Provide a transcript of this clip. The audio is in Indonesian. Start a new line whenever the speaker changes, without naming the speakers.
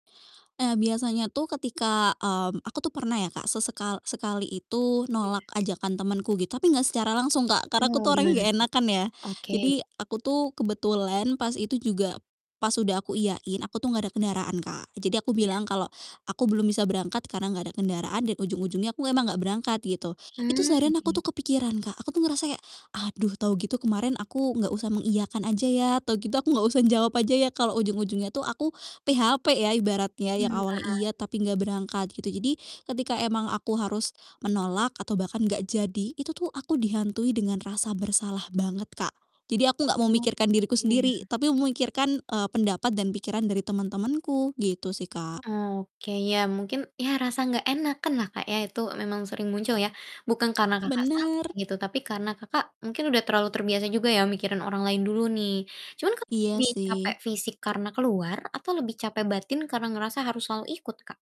Ah, biasanya tuh ketika mmm, aku tuh pernah ya, Kak, sesekal sekali itu
Iya.
nolak ajakan temenku gitu, tapi enggak secara langsung, Kak, karena aku
Mmm,
tuh orangnya
gimana
enggak
tuh?
enakan ya.
Oke.
Jadi aku tuh kebetulan pas itu juga pas udah aku iyain, aku tuh enggak ada kendaraan, Kak. Eee, jadi aku
Iya.
bilang kalau aku belum bisa berangkat karena enggak ada kendaraan dan ujung-ujungnya aku emang enggak berangkat gitu. Itu
Mmm,
seharian aku
oke.
tuh kepikiran, Kak. Aku tuh ngerasa kayak, "Aduh, tahu gitu kemarin aku enggak usah mengiyakan aja ya, tau gitu aku enggak usah ngejawab aja ya, kalau ujung-ujungnya tuh aku PHP," ya ibaratnya, yang
Mmm,
awalnya
paham.
iya, tapi enggak berangkat, gitu. Jadi ketika emang aku harus menolak atau bahkan enggak jadi, itu tuh aku dihantui dengan rasa bersalah banget, Kak. Jadi aku enggak mau
Oh,
mikirkan diriku
iya.
sendiri tapi memikirkan, eee, pendapat dan pikiran dari temen-temenku. Gitu sih, Kak.
Oke. Ya mungkin, ya rasa nggak enakanlah, Kak, ya, itu memang sering muncul ya, bukan karena Kakak salah
Bener.
gitu, tapi karena Kakak mungkin udah terlalu terbiasa juga ya mikirin orang lain dulu nih. Cuman Kakak
Iya,
lebih capek
sih.
fisik karena keluar, atau lebih capek batin karena ngerasa harus selalu ikut, Kak?